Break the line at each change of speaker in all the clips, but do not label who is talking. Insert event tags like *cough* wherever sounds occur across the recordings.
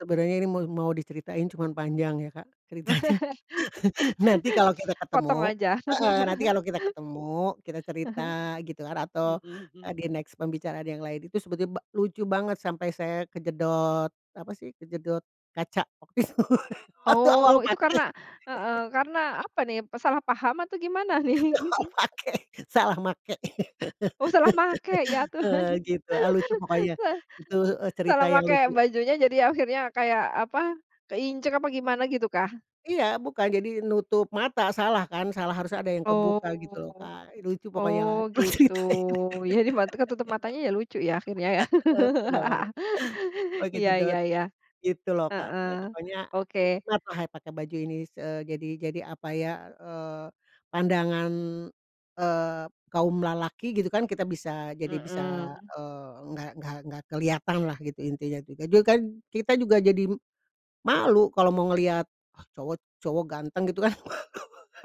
Sebenarnya ini mau mau diceritain cuman panjang ya Kak ceritanya
*laughs*
*laughs* nanti kalau kita
Potong
ketemu,
aja.
heeh, nanti
*laughs*
kalau kita ketemu kita
Ah
cerita
hah,
gitu kan atau,
mhm
eee,
mhm.
di-next pembicaraan yang lain itu sebetulnya ba lucu banget sampai saya kejedot, apa sih kejedot kaca waktu itu, waktu
Oh
awal
itu karena,
pakai.
heeh,
*laughs*
karena apa nih, eee, salah paham atau gimana nih?
Awal
*chuckles*
pakai, salah make,
Oh salah make ya
*laughs* heeh,
Tuhan
gitu, ah,
*laughs*
lucu pokoknya gitu, heeh, cerita
salah
yang
make
lucu.
bajunya jadi akhirnya kayak apa, keinjek apa gimana gitu kah?
Iya bukan jadi nutup mata salah kan salah, harus ada yang kebuka gitu loh
Oh,
Kak, lucu pokoknya
oh
lah kalo
gitu
ceritain,
jadi mata ketutup matanya ya lucu ya akhirnya ya
*laughs* heeh, kenapa tuh? Oh
*laughs* iya iya
kejedot,
iya,
gitu loh Kak,
heeh,
eee, pokoknya
oke.
kenapa saya pakai baju ini, eee, jadi jadi apa ya, eee, pandangan, eee, kaum lelaki gitu kan kita bisa jadi bisa,
Mhm.
eee, enggak enggak enggak kelihatanlah gitu intinya juga dulu kan kita juga jadi, malu kalau mau ngelihat, ah, cowok cowok ganteng gitu kan.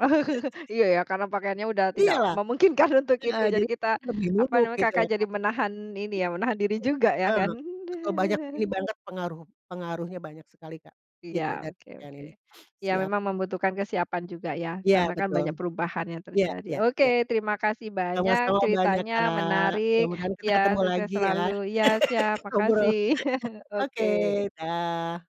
Oh iya ya karena pakaiannya udah tidak
Iyalah,
memungkinkan untuk itu
heeh,
jadi
jadi
kita
lebih
apa
nunduk
namanya
gitu loh
Kakak jadi
Kak. Iya,
menahan ini ya menahan diri juga ya kan.
betul. Heeh, betul banyak
*chuckles*
ini banget pengaruh pengaruhnya banyak sekali Kak,
Iya
gitu dari
oke
pakaian
oke,
ini *sniffs*
ya
siap.
memang membutuhkan kesiapan juga ya
Iya
karena kan
betul,
banyak perubahan yang
iya
terjadi.
iya
Oke
iya,
terima kasih banyak,
sama-sama banyak
ceritanya
Kak
menarik
mudah-mudahan kita
ya,
ketemu
sukses
lagi ya
selalu ya, siap
*laughs* ngobrol *chuckles*
makasih *chuckles*
oke
oke.
dah.